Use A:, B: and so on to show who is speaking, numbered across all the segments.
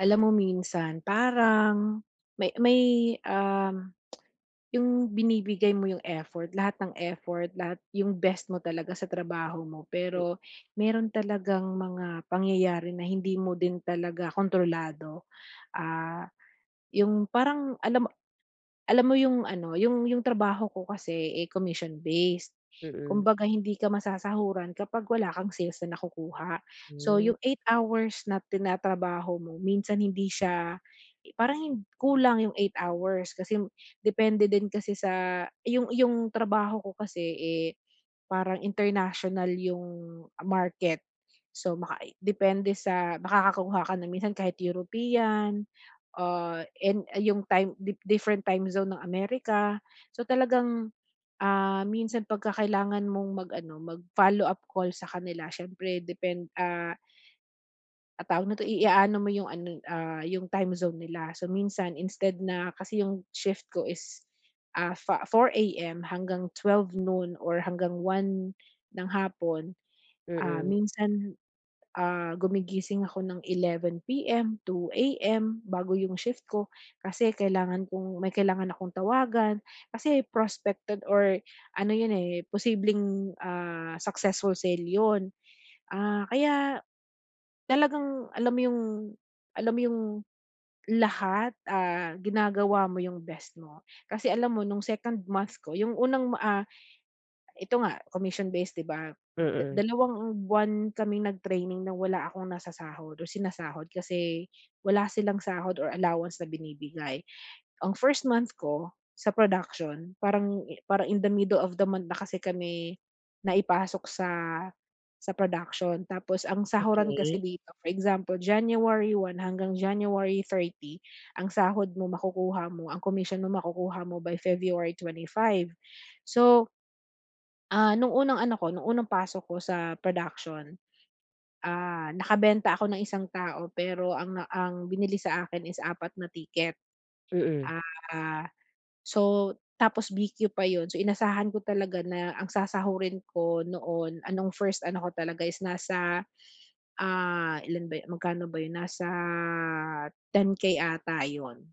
A: Alam mo minsan parang may may, um, yung binibigay mo yung effort, lahat ng effort lahat yung best mo talaga sa trabaho mo.
B: Hm.
A: Pero meron talagang mga pangyayari na hindi mo din talaga kontrolado. Ah, yung parang alam mo alam mo yung ano, yung yung trabaho ko kasi eh, commission-based,
B: Mm.
A: kumbaga hindi ka masasahuran kapag wala kang sales na nakukuha. So,
B: Hmm
A: yung 8 hours na tinatrabaho mo minsan hindi siya parang kulang yung 8 hours kasi depende din kasi sa yung yung trabaho ko kasi, eh, parang international yung market. So, makai depende sa makakakuha ka na minsan kahit European ah, in ay yung time, different time zone ng Amerika. So, talagang ah, minsan 'pag ka kailangan mong mag ano mag-follow up call sa kanila siyempre depend ah ah, tawag nito? I a ano mo 'yong ano ah, 'yong time zone nila. So, minsan instead, na kasi 'yong shift ko is, ah, fa 4:00 hanggang 12:00 noon or hanggang 1:00 ng hapon, ah,
B: Mm.
A: minsan, ah, gumigising ako ng 11:00, 2:00 bago 'yong shift ko, kasi kailangan kong may kailangan akong tawagan. Kasi prospected or ano 'yon posibleng, ah, successful sale 'yon. Ah, kaya talagang alam mo yung alam mo yung lahat ah, ginagawa mo yung best mo. Kasi alam mo nung 2nd month ko, yung unang ma ah, ito nga commission-based 'di ba?
B: Mm.
A: 2 buwan kaming nag-training na wala akong nasasahod o sinasahod. Kasi wala silang sahod or allowance na binibigay. Ang 1st month ko sa production parang parang in the mddle of the month na kasi kami naipasok sa sa production. Tapos ang sahuran kasi
B: Okey.
A: dito, for example, January 1 hanggang January 30 ang sahod mo makukuha mo, ang commission mo, makukuha mo by February 25. So, ah, nung unang ano ko, nung unang pasok ko sa production. Ah, nakabenta ako ng 1 tao pero ang ang binili sa akin is 4 na ticket.
B: Mm.
A: Ah, so tapos BQ pa yun. So, inasahan ko talaga na ang sasahurin ko noon, ah, 'nong 1st ano ko talaga is, nasa ah, ilan ba yu magkano ba yun? Nasa 10K ata yun,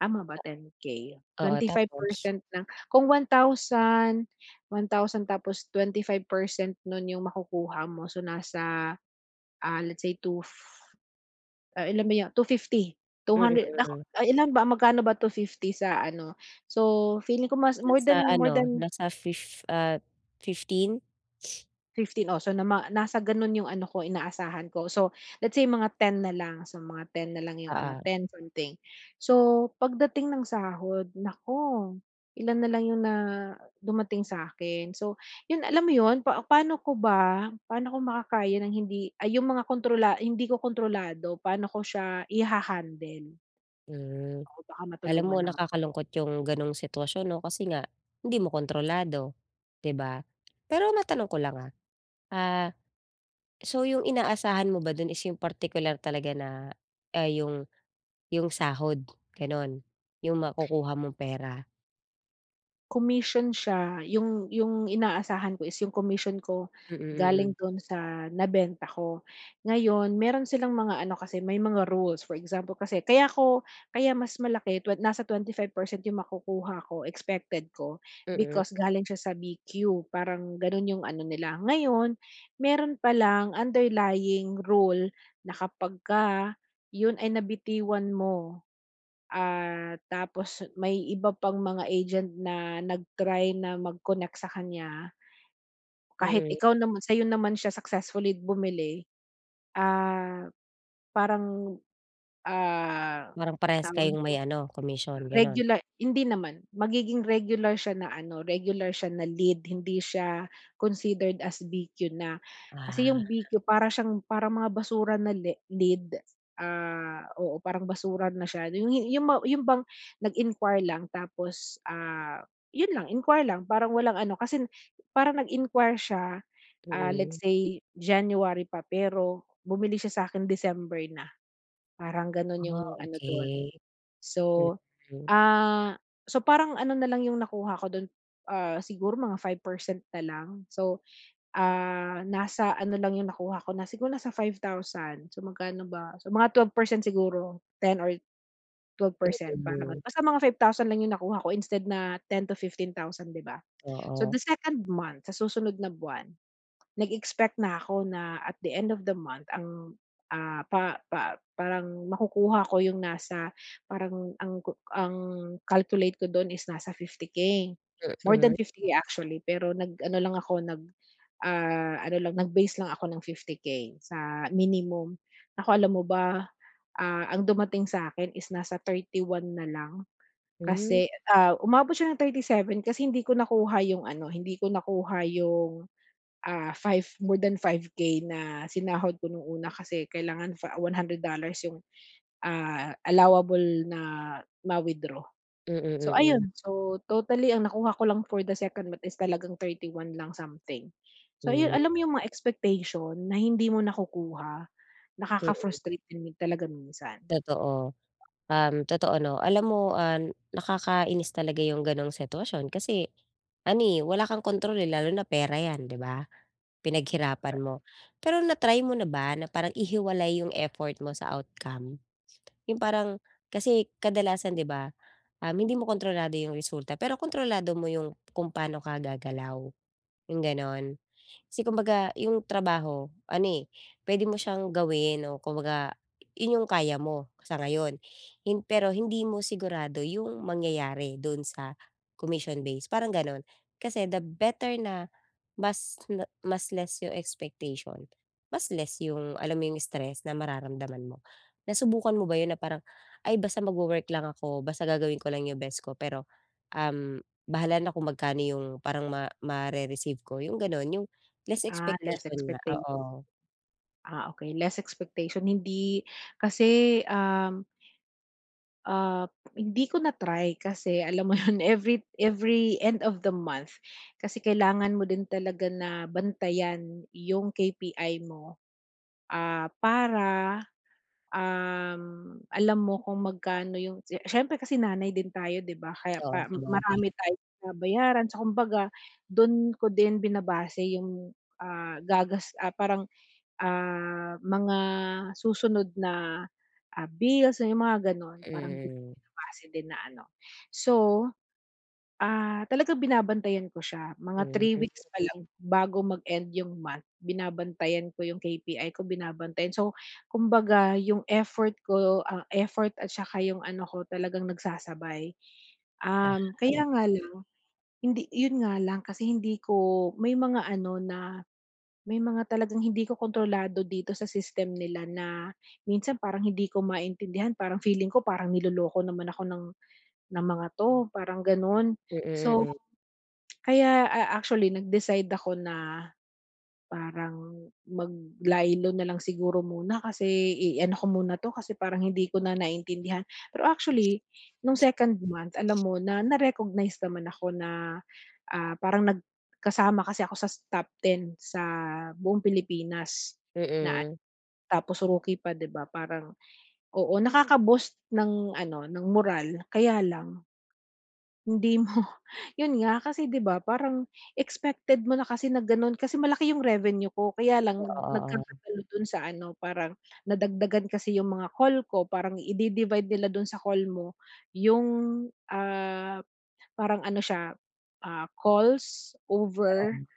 A: tama ba 10K?
B: Oo,
A: twenty five
B: tapos?
A: percent ng kung 1,000, 1,000 tapos 25% nun yung makukuha mo. So, nasa ah, let's say 2 fif ilan ba 'yon 250, two
B: Mm,
A: hundred
B: hmm.
A: ay ilan ba magkano ba 250 sa ano? So feeling ko mas more
B: Nasa
A: than, more
B: ano?
A: than
B: Nasa fif ah, 15?
A: 15 oh, so nama nasa gano'n 'yong ano ko inaasahan ko, so let's say mga 10 na lang, so mga 10 na lang 'yong ano,
B: Oo.
A: 10 something. So pagdating ng sahod naku, ilan na lang 'yong na dumating sa akin. So, 'yon alam mo 'yon, pa paano ko ba paano ko makakaya ng hindi ay 'yong mga kontrola hindi ko kontrolado paano ko siya iha-handle?
B: Hm.
A: Oh, baka
B: Alam mo
A: matulungan nama
B: nakakalungkot 'yong gano'ng sitwasyon 'no, kasi nga hindi mo kontrolado, 'di ba? Pero matanong ko lang ah, ah so 'yong inaasahan mo ba do'n is 'yong partikular talaga na ah, 'yong 'yong sahod gano'n, 'yong makukuha mong pera?
A: Commission siya 'yong, 'yong inaasahan ko is 'yong comission ko
B: Mm,
A: galing
B: mm.
A: do'n sa nabenta ko. Ngayon meron silang mga ano kasi, may mga rules, for example, kasi kaya ko kaya mas malaki twen nasa 25% yung makukuha ko, expected ko
B: Mm.
A: because galing siya sa BQ parang gano'n 'yong ano nila. Ngayon, meron palang underlying rule na kapag ka 'yon ay nabitiwan mo, ah, tapos may iba pang mga agent na nag-try na mag-connect sa kanya, kahit
B: Mm.
A: ikaw naman sa'yo naman siya successfully bumili, ah, parang, ah,
B: Parang parehas
A: tawag
B: kayong may
A: nito,
B: ano, commission gano'n.
A: regula hindi naman, magiging regular siya na ano, regular siya na lead hindi siya considered as BQ na. Kasi 'yong BQ
B: Ah.
A: para siyang parang mga basura na le lead, ah, oo parang basura na siya nu 'yong 'yong ma 'yong bang nag-inquire lang tapos, ah, 'yon lang inquire lang parang walang ano, kasi parang nag-inquire siya, ah, let's
B: Mm.
A: say January pa pero bumili siya sa'kin December na, parang gano'n
B: Ah,
A: 'yong ano do'n.
B: okey.
A: So,
B: Mm.
A: ah, so parang ano na lang 'yong nakuha ko do'n, ah, siguro mga 5% na lang, so, ah, nasa ano lang 'yong nakuha ko na siguro nasa 5,000, so, magkano ba, so mga 12% siguro, 10 or 12% parang gan
B: Mm.
A: basta mga 5,000 lang 'yong nakuha ko instead na 10,000-15,000 'di ba? So,
B: Oo.
A: the 2nd month sa susunod na buwan, nag-expect na ako na at the end of the month ang, ah, pa pa parang makukuha ko 'yong nasa parang ang kuk ang calculate ko do'n is nasa 50K, more than
B: Mm.
A: 50K actually pero nag-ano lang ako, nag, ah, ano lang nag-base lang ako ng 50K sa minimum. Nako alam mo ba, ah, ang dumating sa akin is nasa 31 na lang
B: Hmm.
A: kasi, ah, umabot siya ng 37 kasi hindi ko nakuha 'yong ano, hindi ko nakuha 'yong, ah, 5 more than 5k na sinahod ko no'ng una kasi kailangan fa $100 'yong, ah, allowable na ma-withdraw.
B: Mm,
A: So,
B: mm.
A: ayon so totally ang nakuha ko lang for the second month is talagang 31 lang something. So, 'yon
B: Hmm.
A: alam mo 'yong mga expectation na hindi mo nakukuha,
B: Mm.
A: nakaka-frustrate din talaga minsan.
B: Totoo. Um, totoo 'no, alam mo, ah, nakakainis talaga 'yong ganong sitwasyon kasi ano, eh, wala kang kontrol, eh, lalo na pera 'yan, 'di ba? Pinaghirapan mo. Pero na-try mo na ba na parang ihiwalay 'yong effort mo sa outcome? 'Yong parang kasi kadalasan 'di ba, um, hindi mo kontrolado 'yong resulta pero kontrolado mo 'yong kung paano ka gagalaw, 'yong gano'n. Kasi kumbaga 'yong trabaho ano, eh, puwede mo siyang gawin o kumbaga 'yon 'yong kaya mo sa ngayon hin pero hindi mo sigurado 'yong mangyayari do'n sa commission base parang gano'n. Kasi the better na mas le mas less 'yong expectation, mas less 'yong, alam mo 'yong stress na mararamdaman mo Nasubukan mo ba 'yon na parang, "Ay, basta mag-wo-work lang ako basta gagawin ko lang 'yong best ko pero, um, bahala na kung magkano 'yong parang ma mare-receive ko." 'yong gano'n, 'yong less
A: Ah, less
B: expectation nga,
A: expecta
B: oo.
A: Ah, okey, less expectation. Hindi kasi, um ah, hindi ko na-try kasi alam mo 'yon, every every end of the month kasi kailangan mo din talaga na bantayan 'yong KPI mo, ah, para, um, alam mo kung magkano 'yong si siyempre kasi nanay din tayo, 'di ba? Kaya
B: Oo,
A: pa
B: sabagay.
A: marami tayong binabayaran sa kumbaga do'n ko din binabase 'yong, ah, gagas ah, parang, ah, mga susunod na, ah, bills na 'yong mga gano'n parang do'n ko
B: Hmm.
A: binabase din na ano. So, ah, talaga binabantayan ko siya mga
B: Hmm.
A: 3 weeks pa lang bago mag-end 'yong month, binabantayan ko 'yong KPI ko, binabantayan. So kumbaga 'yong effort ko, ah, effort at 'saka 'yong ano ko talagang nagsasabay. Um,
B: Ah.
A: kaya nga lang hindi 'yon nga lang kasi hindi ko may mga ano na may mga talagang hindi ko kontrolado dito sa system nila na minsan parang hindi ko maintindihan, parang feeling ko parang niloloko naman ako ng, ng mga 'to, parang gano'n.
B: Mm,
A: So,
B: hmm.
A: kaya, ah, actually nag-decide ako na, parang mag-lie low na lang siguro muna kasi i-ano ko muna 'to kasi parang hindi ko na naintindihan. Pero actually, no'ng 2nd month, alam mo, na na-recognize naman ako na, ah, parang nag kasama kasi ako sa top 10 sa buong Pilipinas na
B: Mm.
A: a tapos rookie pa, 'di ba, parang, oo nakaka-boost ng, ano, ng morale. Kaya lang hindi mo 'yon nga kasi, 'di ba, parang expected mo na kasi na gano'n, kasi malaki 'yong revenue ko kaya lang
B: Oo, oo.
A: nagkakatalo do'n sa ano, parang nadagdagan kasi 'yong mga call ko, parang i idi-divide nila do'n sa call mo 'yong, ah, parang ano siya, ah, calls over,
B: Oo.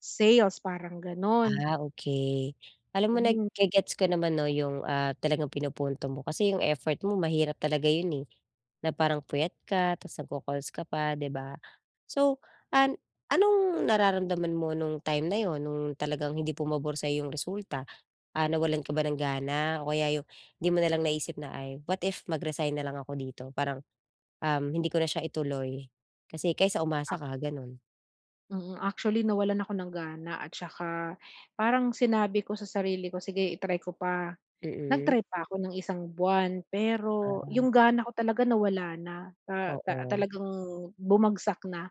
A: sales parang gano'n.
B: Ah, okey. Alam mo
A: Hmm.
B: nage-gets ko naman 'no, 'yong, ah, talagang pinupunto mo. Kasi 'yong effort mo mahirap talaga 'yan, eh, na parang puyat ka tapos nagko-calls ka pa, 'di ba? So an anong nararamdaman mo no'ng time na 'yon, no'ng talagang hindi pumabor sa 'yo 'yong resulta? Ah, nawalan ka ba ng gana o kaya 'yong 'di mo na lang naisip na, "Ay, what if mag-resign na lang ako dito?" Parang, um, "Hindi ko na siya ituloy." Kasi kaysa umasa
A: Ah
B: ka, gano'n.
A: Mm, actually nawalan ako ng gana at 'saka parang sinabi ko sa sarili ko, "Sige i-try ko pa."
B: Mm.
A: Nag-try pa 'ko ng 1 buwan pero 'yong
B: Ah.
A: gana ko talaga nawala na, ta ta
B: Oo.
A: talagang bumagsak na.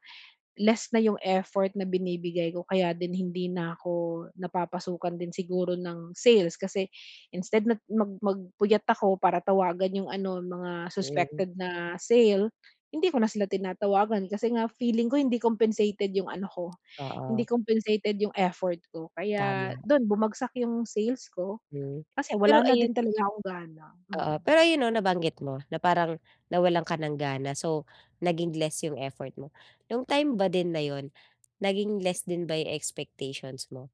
A: Less na 'yong effort na binibigay ko kaya din hindi na ako napapasukan din siguro ng sales, kasi instead nag mag mag-puyat ako para tawagan 'yong ano, mga
B: Hmm.
A: suspected na sale, hindi ko na sila tinatawagan kasi nga feeling ko hindi compensated 'yong ano ko, hindi
B: Oo.
A: compensated 'yong effort ko. Kaya
B: Tama.
A: do'n bumagsak 'yong sales ko,
B: Hmm,
A: kasi
B: pero
A: wala na
B: ayun
A: din talaga akong gana,
B: oo,
A: mm.
B: pero ayon 'no, nabanggit mo na parang nawalan ka ng gana so, naging less 'yong effort mo. 'Yong time ba din na 'yon, naging less din ba 'yong expectations mo?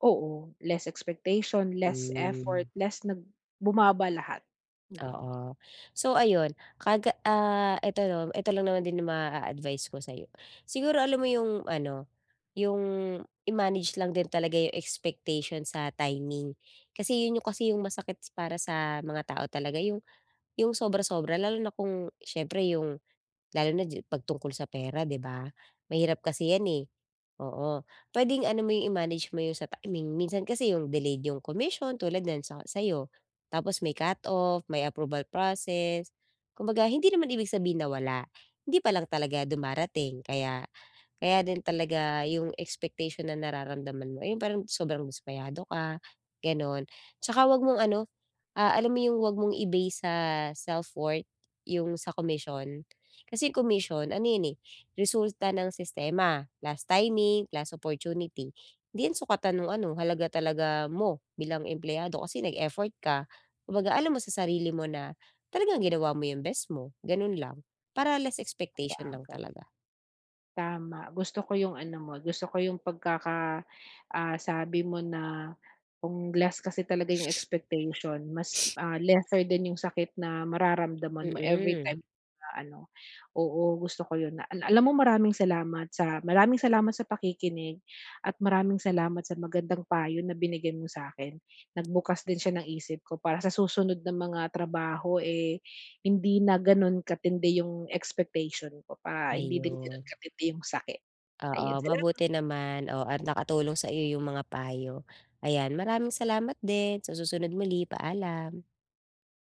A: Oo, less expectation, less effort,
B: Hmm.
A: less nag bumaba lahat, mm.
B: Oo, so ayon ka ah, eto eto lang naman din 'yong maa-advice ko sayo, siguro alam mo 'yong ano, 'yong i-manage lang din talaga 'yong expectation sa timing. Kasi 'yon 'yong kasi 'yong masakit para sa mga tao talaga 'yong 'yong sobra-sobra, lalo na kung s'yempre 'yong lalo na ji 'pag tungkol sa pera 'di ba? Mahirap kasi 'yan eh, oo, pwedeng ano mo 'yong i-manage mo 'yong sa timing, minsan kasi 'yong delayed 'yong commission tulad n'yan sa sayo tapos may cut-off, may approval process, kumbaga hindi naman ibig sabihin na wala, hindi pa lang talaga dumarating kaya kaya din talaga 'yong expectation ng nararamdaman mo ay parang sobrang dismayado ka, gano'n. 'Tsaka 'wag mong ano, ah, alam mo yung wag mong i-base sa self-worth 'yong sa commission, kasi commission ano 'yon eh, resulta ng sistema, last timing, class opportunity, 'di 'yan sukatan no'ng ano halaga talaga mo, bilang empleyado kasi nag-effort ka, kumbaga alam mo sa sarili mo na talagang ginawa mo 'yong best mo, gano'n lang. Para less expectation lang
A: [unintelligible]
B: talaga.
A: Tama, gusto ko 'yong ano mo, gusto ko 'yong pagkaka ah, sabi mo na kung less kasi talaga 'yong expectation, mas, ah, lesser din 'yong sakit na mararamdaman mo
B: Mm.
A: everytime na ano oo, gusto ko 'yon na al alam mo maraming salamat sa maraming salamat sa pakikinig at maraming salamat sa magandang payo na binigay mo sa'kin. Nagbukas din siya ng isip ko para sa susunod na mga trabaho eh, hindi na gano'n katindi 'yong expectation ko pa, hindi din gano'n
B: Ayon.
A: katindi 'yong sakit. Ayon,
B: Oo,
A: salamat.
B: mabuti naman, oh, at nakatulong sa iyo 'yong mga payo. Ayan, maraming salamat din, sa susunod muli, paalam.